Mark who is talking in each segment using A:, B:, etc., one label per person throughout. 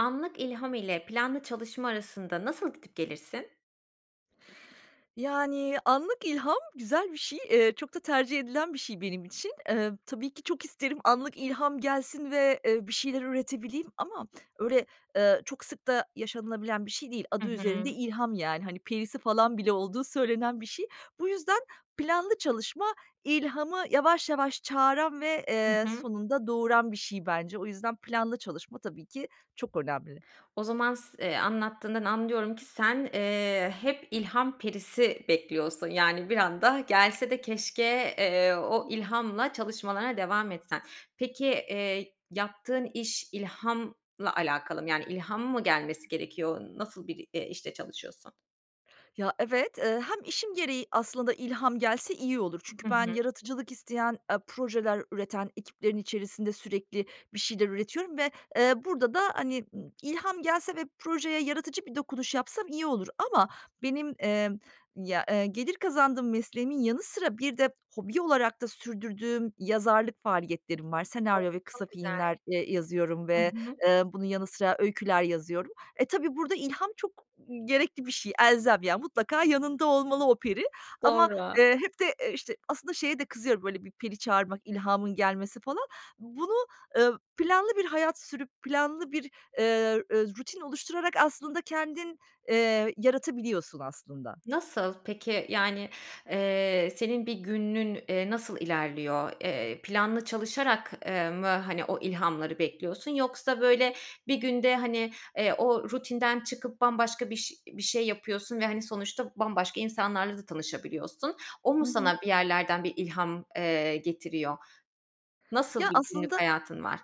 A: Anlık ilham ile planlı çalışma arasında nasıl gidip gelirsin?
B: Yani, anlık ilham güzel bir şey. Eee, çok da tercih edilen bir şey benim için. Emm, tabii ki, çok isterim anlık ilham gelsin ve, eee, bir şeyler üretebileyim ama öyle, eee, çok sık da yaşanılabilen bir şey değil,
A: Hı
B: adı üzerinde
A: hı.
B: ilham, yani, hani, perisi, falan, bile olduğu söylenen bir şey. Bu yüzden planlı çalışma ilhamı yavaş yavaş çağıran ve,
A: Hı
B: eee,
A: hı.
B: sonunda doğuran bir şey, bence. O yüzden planlı çalışma, tabii ki, çok önemli.
A: O zaman s eee, anlattığından anlıyorum ki sen, eee, hep ilham perisi bekliyorsun. Yani, bir anda gelse de keşke, eee, o ilhamla çalışmalarına devam etsen. Peki, eee, yaptığın iş ilhamla alakalı mı? Yani, ilham mı gelmesi gerekiyor? Nasıl bir, eee, işte çalışıyorsun?
B: Ya, evet, eee, hem işim gereği aslında ilham gelse iyi olur.
A: Hı
B: Çünkü
A: hı.
B: ben yaratıcılık isteyen e projeler üreten ekiplerin içerisinde sürekli bir şeyler üretiyorum ve, eee, burada da, hani, ımm, ilham gelse ve projeye yaratıcı bir dokunuş yapsam iyi olur ama benim, emm, ya, e gelir kazandığım mesleğimin yanı sıra bir de hobi olarak da sürdürdüğüm yazarlık faaliyetlerim var.
A: Çok
B: Senaryo ve kısa
A: çok güzel.
B: filmler, eee, yazıyorum
A: I
B: ve,
A: hı.
B: eee, bunun yanı sıra öyküler yazıyorum. E, tabii burada ilham çok, ımm, gerekli bir şey, elzem, yani, mutlaka yanında olmalı o peri ama,
A: Doğru.
B: eee, hep de, e, işte, aslında şeye de kızıyorum, böyle, bir peri çağırmak, ilhamın gelmesi, falan. Bunu ö planlı bir hayat sürüp planlı bir, eee, e rutin oluşturarak aslında kendin, eee, yaratabiliyorsun aslında.
A: Nasıl? Peki, yani, eee, senin bir günün, eee, nasıl ilerliyor? Eee, planlı çalışarak, eee, mı, hani, o ilhamları bekliyorsun? Yoksa, böyle, bir günde, hani, eee, o rutinden çıkıp bambaşka biş bir şey yapıyorsun ve, hani, sonuçta bambaşka insanlarla da tanışabiliyorsun. O
B: I
A: mu
B: hı.
A: sana bir yerlerden bir ilham, eee, getiriyor? Nasıl
B: Ya
A: bir günlük
B: aslında
A: hayatın var?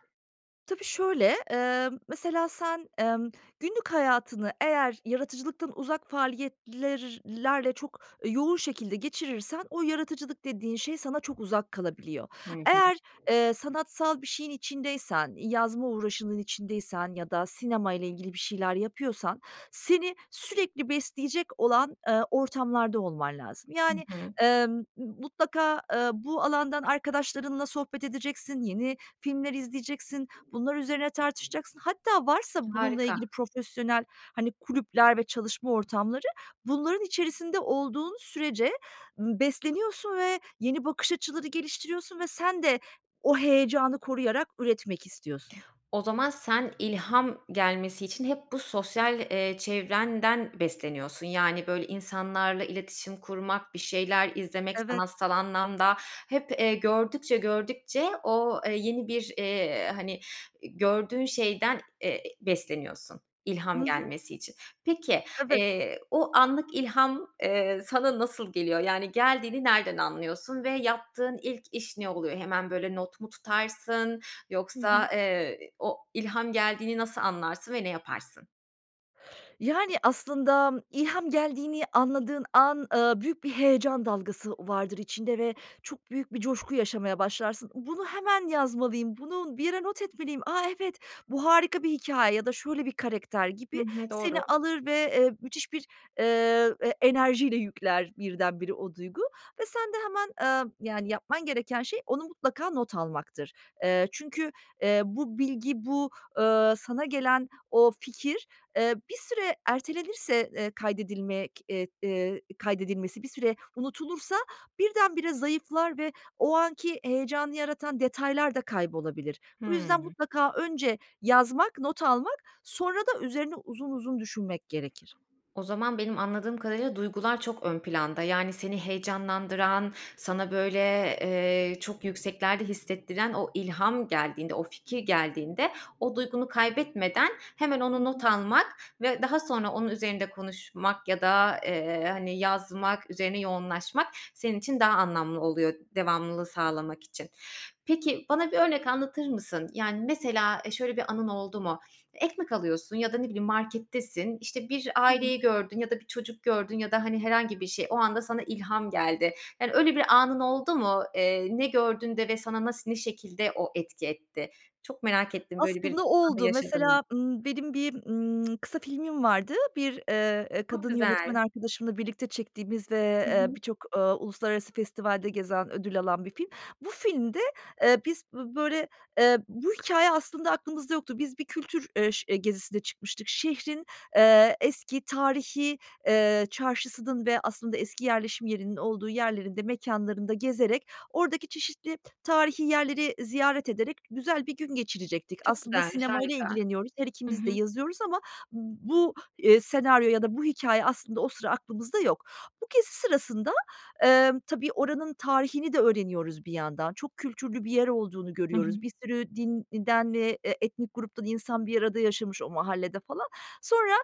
B: Tabii, şöyle, emm, mesela, sen, emm, günlük hayatını eğer yaratıcılıktan uzak faaliyetler lerle çok yoğun şekilde geçirirsen o yaratıcılık dediğin şey sana çok uzak kalabiliyor.
A: Hı hı.
B: Eğer, eee, sanatsal bir şeyin içindeysen, yazma uğraşının içindeysen ya da sinemayla ilgili bir şeyler yapıyorsan seni sürekli besleyecek olan, eee, ortamlarda olman lazım.
A: I
B: Yani,
A: hı.
B: emm, m mutlaka, eee, bu alandan arkadaşlarınla sohbet edeceksin, yeni filmler izleyeceksin, bunlar üzerine tartışacaksın. Hatta varsa bununla
A: Harika.
B: ilgili profesyonel, hani, kulüpler ve çalışma ortamları, bunların içerisinde olduğun sürece m besleniyorsun ve yeni bakış açıları geliştiriyorsun ve sen de o heyecanı koruyarak üretmek istiyorsun.
A: O zaman sen ilham gelmesi için hep bu sosyal, eee, çevrenden besleniyorsun. Yani, böyle, insanlarla iletişim kurmak, bir şeyler izlemek,
B: Evet.
A: sanatsal anlamda hep, eee, gördükçe gördükçe o, eee, yeni bir, eee, hani, e gördüğün şeyden, eee, besleniyorsun
B: I
A: ilham
B: hı.
A: gelmesi için. Peki,
B: Evet.
A: eee, o anlık ilham, eee, sana nasıl geliyor? Yani, geldiğini nereden anlıyorsun ve yaptığın ilk iş ne oluyor? Hemen, böyle, not mu tutarsın
B: Hı
A: yoksa,
B: hı.
A: eee, o ilham geldiğini nasıl anlarsın ve ne yaparsın?
B: Yani, aslında ilham geldiğini anladığın an, ııı, büyük bir heyecan dalgası vardır içinde ve çok büyük bir coşku yaşamaya başlarsın. "Bunu hemen yazmalıyım, bunu bir yere not etmeliyim, a, evet, bu harika bir hikâye." ya da "Şöyle bir karakter."
A: Hı
B: gibi
A: hı,
B: seni
A: doğru.
B: alır ve, eee, müthiş bir, eee, e enerjiyle yükler birdenbire o duygu ve sen de hemen, eee, yani yapman gereken şey onu mutlaka not almaktır. Eee, çünkü, eee, bu bilgi, bu, ııı, sana gelen o fikir, eee, bir süre ertelenirse, eee, kaydedilmek eee, eee, kaydedilmesi bir süre unutulursa birdenbire zayıflar ve o anki heyecanı yaratan detaylarda kaybolabilir. Bu yüzden
A: Hımm.
B: mutlaka önce yazmak, not almak, sonra da üzerine uzun uzun düşünmek gerekir.
A: O zaman benim anladığım kadarıyla duygular çok ön planda. Yani, seni heyecanlandıran, sana, böyle, eee, çok yükseklerde hissettiren o ilham geldiğinde, o fikir geldiğinde, o duygunu kaybetmeden hemen
B: Hı
A: onu not
B: hı.
A: almak ve daha sonra onun üzerinde konuşmak ya da, eee, hani, yazmak, üzerine yoğunlaşmak senin için daha anlamlı oluyor, devamlılığı sağlamak için. Peki, bana bir örnek anlatır mısın? Yani, mesela, eee, şöyle bir anın oldu mu? Ekmek alıyorsun ya da ne bileyim, markettesin, işte, bir
B: Hı hı.
A: aileyi gördün ya da bir çocuk gördün ya da, hani, herhangi bir şey, o anda sana ilham geldi. Yani, öyle bir anın oldu mu? Eee, ne gördün de ve sana nasıl, ne şekilde o etki etti? Çok merak ettim böyle bir
B: Aslında
A: an
B: oldu.
A: yaşadın mı?
B: Mesela, ımm, benim bir, ımm, kısa filmim vardı. Bir, eee, eee,
A: Çok
B: kadın yönetmen
A: güzel.
B: arkadaşımla birlikte çektiğimiz ve,
A: Hı
B: eee,
A: hı.
B: birçok, ııı, uluslararası festivalde gezen, ödül alan bir film. Bu filmde, eee, biz bö böyle, eee, bu hikâye aslında aklımızda yoktu. Biz bir kültür, eee, ş gezisinde çıkmıştık. Şehrin, eee, eski, tarihî, eee, çarşısının ve aslında eski yerleşim yerinin olduğu yerlerinde, mekânlarında gezerek, oradaki çeşitli tarihî yerleri ziyaret ederek güzel bir gün geçirecektik.
A: Çok
B: Aslında
A: güzelmiş,
B: sinemayla
A: harika.
B: ilgileniyoruz, her
A: Hı
B: ikimiz de
A: hı.
B: yazıyoruz ama bu, eee, senaryo ya da bu hikâye aslında o sıra aklımızda yok. Bu gezi sırasında, emm, tabii oranın tarihini de öğreniyoruz bir yandan, çok kültürlü bir yer olduğunu
A: Hı hı.
B: görüyoruz. Bir sürü din e den eee, etnik gruptan insan bir arada yaşamış o mahallede falan. Sonra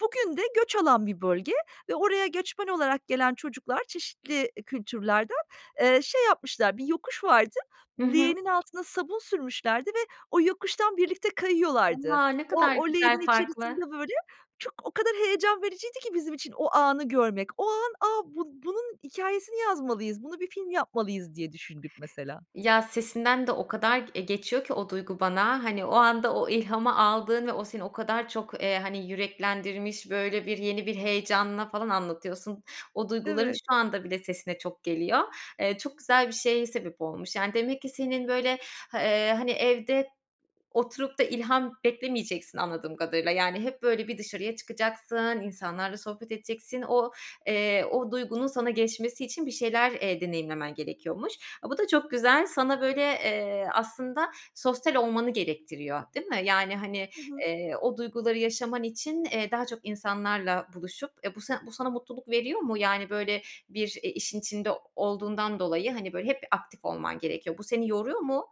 B: bugün de göç alan bir bölge ve oraya göçmen olarak gelen çocuklar çeşitli, iii, kültürlerden, eee, şey yapmışlar, bir yokuş vardı,
A: Hı hı.
B: leğenin altına sabun sürmüşlerdi ve o yokuştan birlikte kayıyorlardı.
A: A, ne
B: O
A: kadar
B: o leğenin
A: güzel, farklı.
B: içerisinde böyle çok o kadar heyecan vericiydi ki bizim için o anı görmek. O an "A, bun bunun hikâyesini yazmalıyız, buna bir film yapmalıyız." diye düşündük mesela.
A: Ya, sesinden de o kadar g eee, geçiyor ki o duygu bana, hani, o anda o ilhamı aldığın ve o seni o kadar çok, eee, hani, yüreklendirmiş, böyle, bir yeni bir heyecanla falan anlatıyorsun. O duyguların
B: Evet.
A: şu anda bile sesine çok geliyor. Eee, çok güzel bir şeye sebep olmuş. Yani, demek ki senin, böyle, hı ııı, hani, evde oturup da ilham beklemeyeceksin anladığım kadarıyla. Yani hep böyle bir dışarıya çıkacaksın, insanlarla sohbet edeceksin. O, eee, o duygunun sana geçmesi için bir şeyler, eee, deneyimlemen gerekiyormuş. A, bu da çok güzel. Sana, böyle, eee, aslında sosyal olmanı gerektiriyor. Değil mi? Yani, hani,
B: Hı hı.
A: eee, o duyguları yaşaman için, eee, daha çok insanlarla buluşup, eee, bu san bu sana mutluluk veriyor mu? Yani, böyle, bir, eee, işin içinde olduğundan dolayı, hani, böyle, hep bir aktif olman gerekiyor. Bu seni yoruyor mu?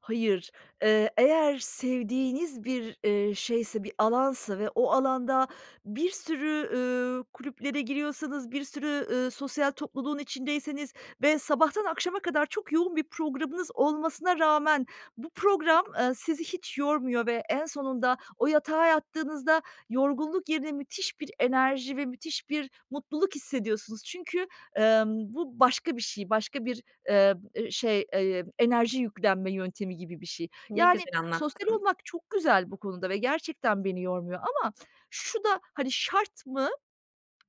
B: Hayır, eee, eğer sevdiğiniz bir, eee, şeyse, bir alansa ve o alanda bir sürü, üüü, kulüplere giriyorsanız, bir sürü, ııı, sosyal topluluğun içindeyseniz ve sabahtan akşama kadar çok yoğun bir programınız olmasına rağmen bu program, eee, sizi hiç yormuyor ve en sonunda o yatağa yattığınızda yorgunluk yerine müthiş bir enerji ve müthiş bir mutluluk hissediyorsunuz. Çünkü, emm, bu başka bir şey, başka bir, eee, ı şey, eee, enerji yüklenme yöntemi gibi bir, şey.
A: Ne
B: Yani,
A: güzel
B: sosyal
A: anlattın.
B: olmak çok güzel bu konuda ve gerçekten beni yormuyor ama şu da, hani, şart mı?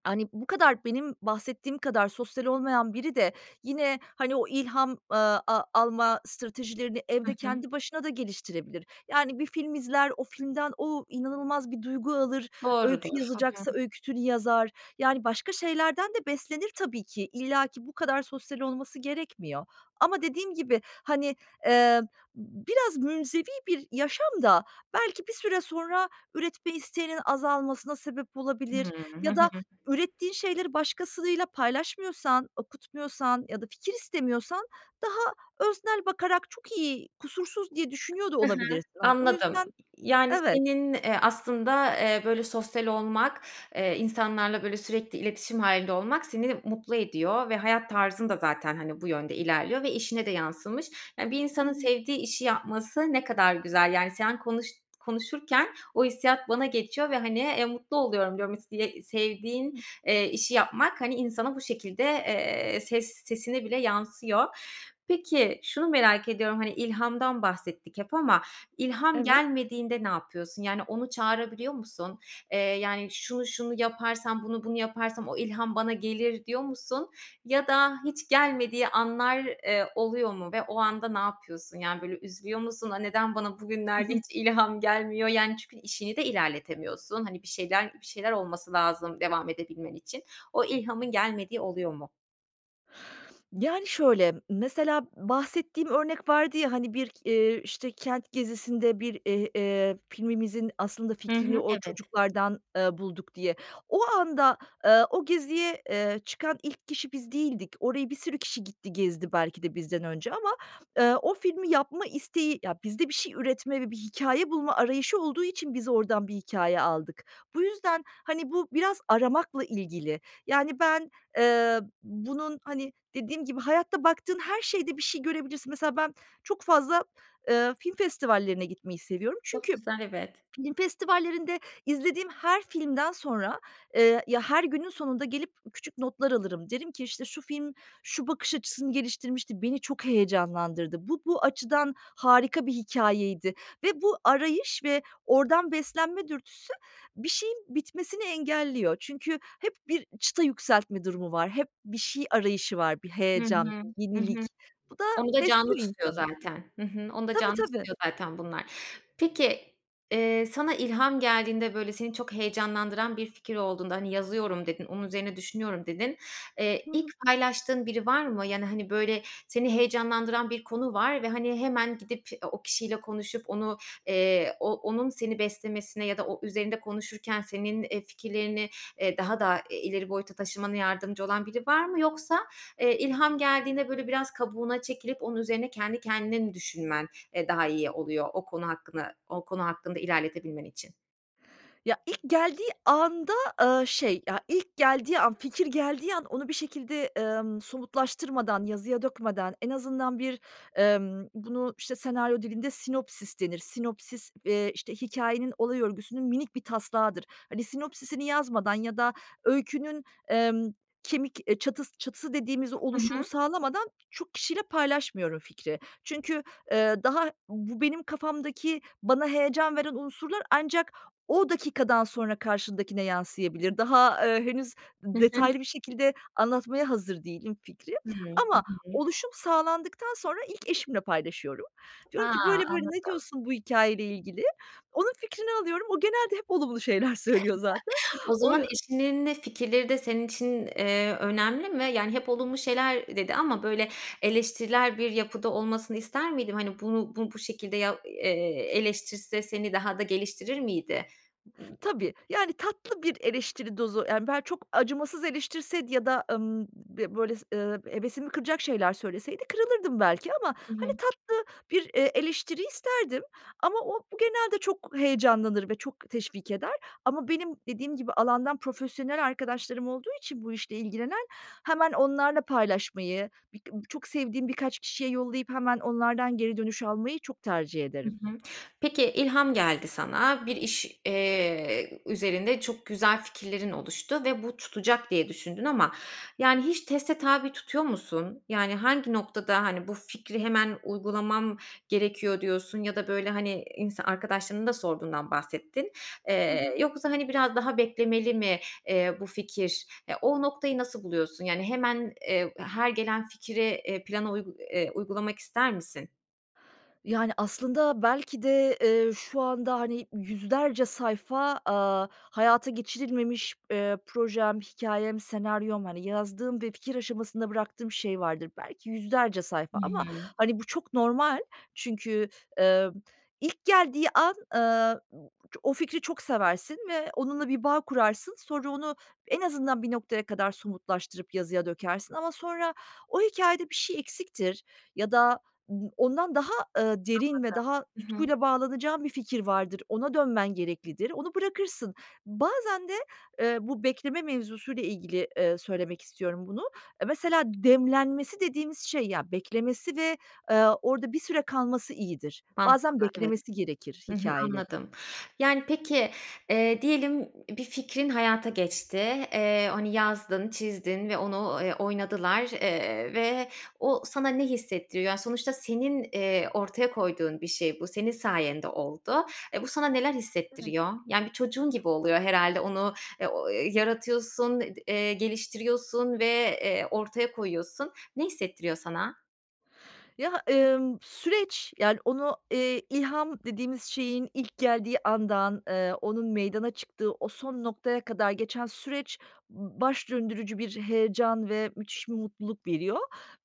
B: Hani, bu kadar benim bahsettiğim kadar sosyal olmayan biri de yine, hani, o ilham, eee, a alma stratejilerini
A: Hı
B: evde
A: hı.
B: kendi başına da geliştirebilir. Yani, bir film izler, o filmden o inanılmaz bir duygu alır. Öykü
A: Doğrudur. Hı hı.
B: yazacaksa öyküsünü yazar. Yani, başka şeylerden de beslenir tabii ki. İllaki bu kadar sosyal olması gerekmiyor. Ama dediğim gibi, hani, eee, b biraz münzevi bir yaşam da belki bir süre sonra üretme isteğinin azalmasına sebep
A: Hıı.
B: olabilir
A: Hı
B: ya
A: hı.
B: da ürettiğin şeyleri başkasıyla paylaşmıyorsan, okutmuyorsan ya da fikir istemiyorsan daha öznel bakarak çok iyi, kusursuz diye düşünüyor da
A: He he.
B: olabilirsin, hani. O
A: Anladım.
B: yüzden,
A: Yani,
B: evet.
A: senin, eee, aslında, eee, böyle sosyal olmak, eee, insanlarla böyle sürekli iletişim hâlinde olmak seni mutlu ediyor ve hayat tarzın da zaten, hani, bu yönde ilerliyor ve işine de yansımış. E, bir
B: Hı
A: insanın
B: hı.
A: sevdiği işi yapması ne kadar güzel, yani. Sen konuş konuşurken o hissiyat bana geçiyor ve hani, eee, mutlu oluyorum. Diyorum istiye sevdiğin, eee, işi yapmak, hani, insana bu şekilde, eee, ses sesine bile yansıyor. Peki şunu merak ediyorum: Hani, ilhamdan bahsettik hep ama ilham
B: Evet.
A: gelmediğinde ne yapıyorsun? Yani, onu çağırabiliyor musun? Eee, yani, "Şunu şunu yaparsam, bunu bunu yaparsam o ilham bana gelir." diyor musun ya da hiç gelmediği anlar, eee, oluyor mu ve o anda ne yapıyorsun? Yani, böyle üzülüyor musun? "A, neden bana
B: Hı
A: bugünlerde
B: hı.
A: hiç ilham gelmiyor?" Yani, çünkü işini de ilerletemiyorsun. Hani, bir şeyler bir şeyler olması lazım devam edebilmen için. O ilhamın gelmediği oluyor mu?
B: Yani, şöyle, mesela bahsettiğim örnek vardı ya, hani, bir k eee, işte, kent gezisinde bir, eee, eee, filmimizin aslında
A: Hı
B: fikrini
A: hı.
B: o
A: Evet.
B: çocuklardan, eee, bulduk diye. O anda, eee, o geziye, eee, çıkan ilk kişi biz değildik. Oraya bir sürü kişi gitti, gezdi, belki de bizden önce ama, eee, o filmi yapma isteği, ya, bizde bir şey üretme ve bir hikâye bulma arayışı olduğu için biz oradan bir hikâye aldık. Bu yüzden, hani, bu biraz aramakla ilgili. Yani, ben, eee, bunun, hani, dediğim gibi hayatta baktığın her şeyde bir şey görebilirsin. Mesela ben çok fazla, eee, film festivallerine gitmeyi seviyorum.
A: Çok
B: Çünkü
A: güzel, evet.
B: film festivallerinde izlediğim her filmden sonra, eee, ya, her günün sonunda gelip küçük notlar alırım. Derim ki, işte, şu film, şu bakış açısını geliştirmişti. Beni çok heyecanlandırdı. Bu, bu açıdan harika bir hikâyeydi ve bu arayış ve oradan beslenme dürtüsü bir şeyin bitmesini engelliyor. Çünkü hep bir çıta yükseltme durumu var. Hep bir şey arayışı var. Bir
A: Hı
B: heyecan,
A: hı,
B: bir
A: hı hı.
B: yenilik. Bu da
A: Onu da canlı
B: besliyor
A: tutuyor
B: insanı.
A: zaten. Hı hı, onu da
B: Tabii,
A: canlı
B: tabii.
A: tutuyor zaten, bunlar. Peki, eee, sana ilham geldiğinde, böyle, seni çok heyecanlandıran bir fikir olduğunda. Hani, yazıyorum dedin. Onun üzerine düşünüyorum, dedin. Eee,
B: Hı
A: ilk
B: hı.
A: paylaştığın biri var mı? Yani, hani, böyle, seni heyecanlandıran bir konu var ve, hani, hemen gidip e, o kişiyle konuşup, onu, eee, o onun seni beslemesine ya da o, üzerinde konuşurken senin, eee, fikirlerini, eee, daha da, eee, ileri boyuta taşımana yardımcı olan biri var mı? Yoksa, eee, ilham geldiğinde, böyle, biraz kabuğuna çekilip onun üzerine kendi kendine mi düşünmen, eee, daha iyi oluyor, o konu hakkına o konu hakkında ilerletebilmen için?
B: Ya, ilk geldiği anda, eee, şey, ya, ilk geldiği an, fikir geldiği an onu bir şekilde, emm, somutlaştırmadan, yazıya dökmeden, en azından bir, emm, bunu, işte, senaryo dilinde sinopsis denir. Sinopsis, eee, işte, hikâyenin olay örgüsünün minik bir taslağıdır. Hani, sinopsis'ini yazmadan ya da öykünün, emm, kemik, eee, çatıs çatısı dediğimiz
A: Hı
B: oluşumu
A: hı.
B: sağlamadan çok kişiyle paylaşmıyorum fikri. Çünkü, eee, daha bu benim kafamdaki bana heyecan veren unsurlar ancak o dakikadan sonra karşındakine yansıyabilir. Daha, eee, henüz
A: Hı hı.
B: detaylı bir şekilde anlatmaya hazır değilim fikri.
A: Hımm. Hı
B: Ama
A: hı.
B: oluşum sağlandıktan sonra ilk eşimle paylaşıyorum. Diyorum ki,
A: Ha.
B: böyle böyle, ne
A: Anladım.
B: diyorsun bu hikâyeyle ilgili? Onun fikrini alıyorum. O genelde hep olumlu şeyler söylüyor zaten.
A: O
B: O
A: zaman eşinin de fikirleri de senin için, eee, önemli mi? Yani, hep olumlu şeyler dedi ama, böyle, eleştirel bir yapıda olmasını ister miydim? Hani, bunu, bu bu şekilde ya eee, eleştirse seni daha da geliştirir miydi?
B: Tabii, yani, tatlı bir eleştiri dozu, yani, bel çok acımasız eleştirseydi ya da, emm, böyle, ııı, hevesimi kıracak şeyler söyleseydi, kırılırdım belki ama,
A: Hı
B: hani,
A: hı.
B: tatlı bir, eee, eleştiri isterdim. Ama o genelde çok heyecanlanır ve çok teşvik eder. Ama benim dediğim gibi alandan profesyonel arkadaşlarım olduğu için bu işle ilgilenen. Hemen onlarla paylaşmayı birk çok sevdiğim birkaç kişiye yollayıp hemen onlardan geri dönüş almayı çok tercih
A: Hı
B: ederim.
A: hı. Peki, ilham geldi sana. Bir iş, eee, üzerinde çok güzel fikirlerin oluştu ve bu tutacak diye düşündün. Ama, yani, hiç teste tabi tutuyor musun? Yani, hangi noktada, hani, bu fikri hemen uygulamam gerekiyor diyorsun ya da, böyle, hani, insa arkadaşlarının da sorduğundan bahsettin.
B: Hı hı.
A: Eee, yoksa, hani, biraz daha beklemeli mi, eee, bu fikir? Ya, o noktayı nasıl buluyorsun? Yani, hemen, eee, her gelen fikri, eee, plana uygu eee, uygulamak ister misin?
B: Yani aslında belki de, eee, şu anda hani 100'lerce sayfa, aaa, hayata geçirilmemiş, eee, projem, hikâyem, senaryom hani yazdığım ve fikir aşamasında bıraktığım şey vardır. Belki 100'lerce
A: Hı
B: sayfa ama
A: hı.
B: hani bu çok normal çünkü, emm, ilk geldiği an, ııı, b ço o fikri çok seversin ve onunla bir bağ kurarsın sonra onu en azından bir noktaya kadar somutlaştırıp yazıya dökersin ama sonra o hikâyede bir şey eksiktir ya da b ondan daha, eee, derin ve daha
A: Anladım. Hı hı.
B: tutkuyla bağlanacağın bir fikir vardır, ona dönmen gereklidir, onu bırakırsın. Bazen de, eee, bu bekleme mevzusuyla ilgili, eee, söylemek istiyorum bunu. Eee, mesela demlenmesi dediğimiz şey, ya beklemesi ve, eee, orada bir süre kalması iyidir. Bazen
A: Mantıklı. Evet.
B: beklemesi gerekir
A: Hı hı.
B: hikâyelerin.
A: Anladım. Yani peki, eee, diyelim b bir fikrin hayata geçti. Eee, hani yazdın, çizdin ve onu, ııı, oynadılar, eee, ve o sana ne hissettiriyor? Yani sonuçta senin, eee, ortaya koyduğun bir şey bu, senin sayende oldu. Eee, bu sana neler
B: Evet.
A: hissettiriyor? Yani bir çocuğun gibi oluyor herhâlde onu, e, o yaratıyorsun, d eee, geliştiriyorsun ve, eee, ortaya koyuyorsun. Ne hissettiriyor sana?
B: Ya, emm, süreç, yani, onu, eee, ilham dediğimiz şeyin ilk geldiği andan, eee, onun meydana çıktığı, o son noktaya kadar geçen süreç b baş döndürücü bir heyecan ve müthiş bir mutluluk veriyor.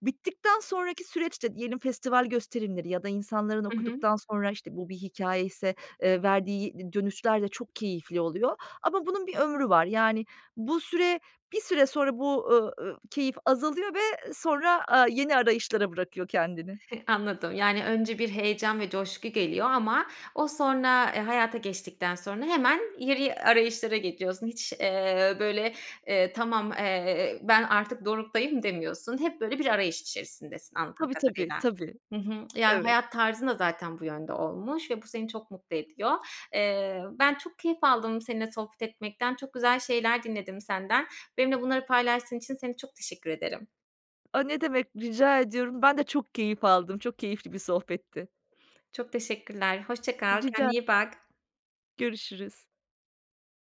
B: Bittikten sonraki süreç de diyelim festival gösterimleri ya da insanların
A: Hı hı.
B: okuduktan sonra, işte, bu bir hikâyeyse, eee, verdiği d dönüşler de çok keyifli oluyor ama bunun bir ömrü var. Yani, bu süre, bir süre sonra bu, ııı, ııı, keyif azalıyor ve sonra, aaa, yeni arayışlara bırakıyor kendini.
A: Anladım. Yani, önce bir heyecan ve coşku geliyor ama o sonra, eee, hayata geçtikten sonra hemen yeri arayışlara geçiyorsun. Hiç, eee, böyle, eee, tamam, eee, "Ben artık doruktayım." demiyorsun. Hep, böyle, bir arayış içerisindesin anladığım
B: Tabii, tabii,
A: kadarıyla.
B: tabii.
A: Hı hı. Yani
B: Evet.
A: hayat tarzın da zaten bu yönde olmuş ve bu seni çok mutlu ediyor. Eee, ben çok keyif aldım seninle sohbet etmekten. Çok güzel şeyler dinledim senden. Benimle bunları paylaştığın için seni çok teşekkür ederim.
B: A, ne demek, rica ediyorum. Ben de çok keyif aldım, çok keyifli bir sohbetti.
A: Çok teşekkürler, hoşça kal,
B: Rica
A: kendine iyi bak.
B: Görüşürüz.